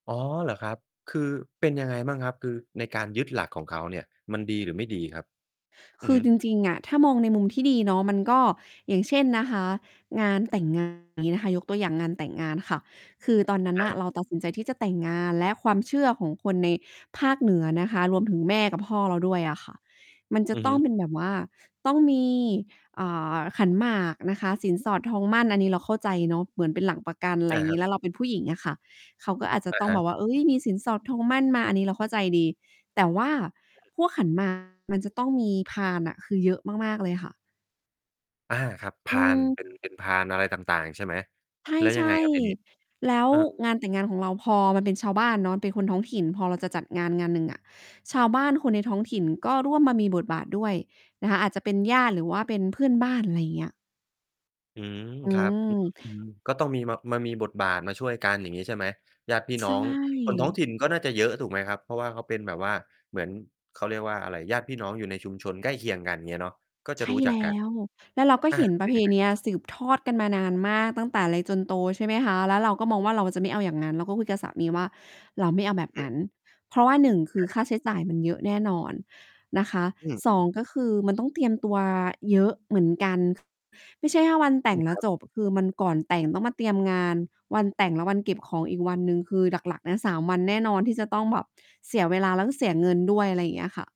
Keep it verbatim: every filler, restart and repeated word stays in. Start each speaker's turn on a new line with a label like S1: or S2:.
S1: อ๋อ เหรอครับ? คือเป็นยังไงบ้างครับ? คือในการยึดหลักของเขาเนี่ย มันดีหรือไม่ดีครับ? อื
S2: ค
S1: อ
S2: ื
S1: ฮ
S2: อ
S1: ึ
S2: จริง ๆ อะถ้ามองในมุมที่ดีเนาะมันก็ อย่างเช่นนะคะ งานแต่ง งาน งี้นะคะ ยกตัวอย่างงานแต่งงานค่ะ คือตอนนั้น
S1: อ
S2: น่ะ
S1: า
S2: เราตัดสินใจที่จะแต่งงาน และความเชื่อของคนในภาคเหนือนะคะ รวมถึงแม่กับพ่อเราด้วยอะค่ะ มันจะ
S1: อือ
S2: ต
S1: ฮ
S2: ้อง
S1: ึ
S2: เป็นแบบว่า ต้องมี อ่า ขันหมากนะคะ สินสอดทองหมั้น อันนี้เราเข้าใจเนาะ เหมือนเป็นหลักประกัน
S1: อ
S2: ไร
S1: า ค
S2: ง
S1: ร
S2: ี
S1: ับ
S2: ้ แล้วเราเป็นผู้หญิงอะค่ะ เขาก็อาจจะ
S1: อะ
S2: ต้อ
S1: ฮ
S2: งแบ
S1: ะ
S2: บว่า เฮ้ย มีสินสอดทองหมั้นมา อันนี้เราเข้าใจดี แต่ว่าพวกขัน หมาก มันจะต้องมีพานอะ คือเยอะมาก ๆ เลยค่ะ
S1: อา ครับ พ
S2: อื
S1: าน
S2: ม
S1: เป็น เป็นพานอะไรต่าง ๆ ใช่ไหม?
S2: ใ
S1: แล้วย
S2: ช
S1: ังไง
S2: ่
S1: ครับทีนี้?
S2: ๆ แล้ว
S1: เออ
S2: งานแต่งงานของเราพอมันเป็นชาวบ้านเนาะ เป็นคนท้องถิ่น พอเราจะจัดงาน ๆ หนึ่งอะ ชาวบ้านคนในท้องถิ่นก็ร่วมมามีบทบาทด้วยนะคะ อาจจะเป็นญาติ หรือว่าเป็นเพื่อนบ้าน อะไรเงี้ย
S1: อืม
S2: อื
S1: ครับ อื้อ
S2: ม
S1: ฮือ ก็ต้องมี มา มามีบทบาทมาช่วยกัน อย่างงี้ใช่ไหม? ญาติพี่
S2: ใช
S1: น้องคนท้อง
S2: ่
S1: ถิ่น ก็น่าจะเยอะถูกไหมครับ? เพราะว่าเขาเป็นแบบว่า เหมือน เขาเรียกว่าอะไร ญาติพี่น้องอยู่ในชุมชนใกล้เคียงกัน อย่างเงี้ยเนาะ ก็
S2: ใ
S1: จ
S2: ช
S1: ะร
S2: ่
S1: ู้จั
S2: แล
S1: กก
S2: ้
S1: ัน
S2: ว แล้วเราก็
S1: อา
S2: เห็น
S1: มัน
S2: ปร
S1: เป
S2: ะ
S1: ็
S2: เ
S1: น
S2: พ
S1: ยังไง?
S2: เนีย สืบทอดกันมานานมากตั้งแต่เล็กจนโต ใช่ไหมคะ แล้วเราก็มองว่าเราจะไม่เอาอย่างนั้น เราก็คุยกับสามีว่า "เราไม่เอาแบ
S1: อื
S2: บ
S1: อฮ
S2: นั
S1: ึ
S2: ้น" เพราะว่า หนึ่ง คื
S1: อ
S2: อ
S1: า
S2: ค่
S1: คร
S2: า
S1: ับ
S2: ใช้จ่ายมันเยอะแน่นอนนะคะ
S1: อืม
S2: ส
S1: อื
S2: อ
S1: ม
S2: ง ก็คือมันต้องเตรียมตัวเยอะเหมือนกัน ไม่ใช่ถ้าวันแต
S1: อื
S2: ่ง
S1: ม
S2: แล
S1: ค
S2: ้
S1: ร
S2: ว
S1: ับ
S2: จบ คือมันก่อนแต่งต้องมาเตรียมงาน วันแต่ง และวันเก็บของอีกวันหนึ่ง คือหลัก ๆ นะ สาม วันแน่นอนที่จะต้องแบบเสียเวลา แล้วก็เสียเงินด้วย อะไรอย่างเงี้ยค่ะ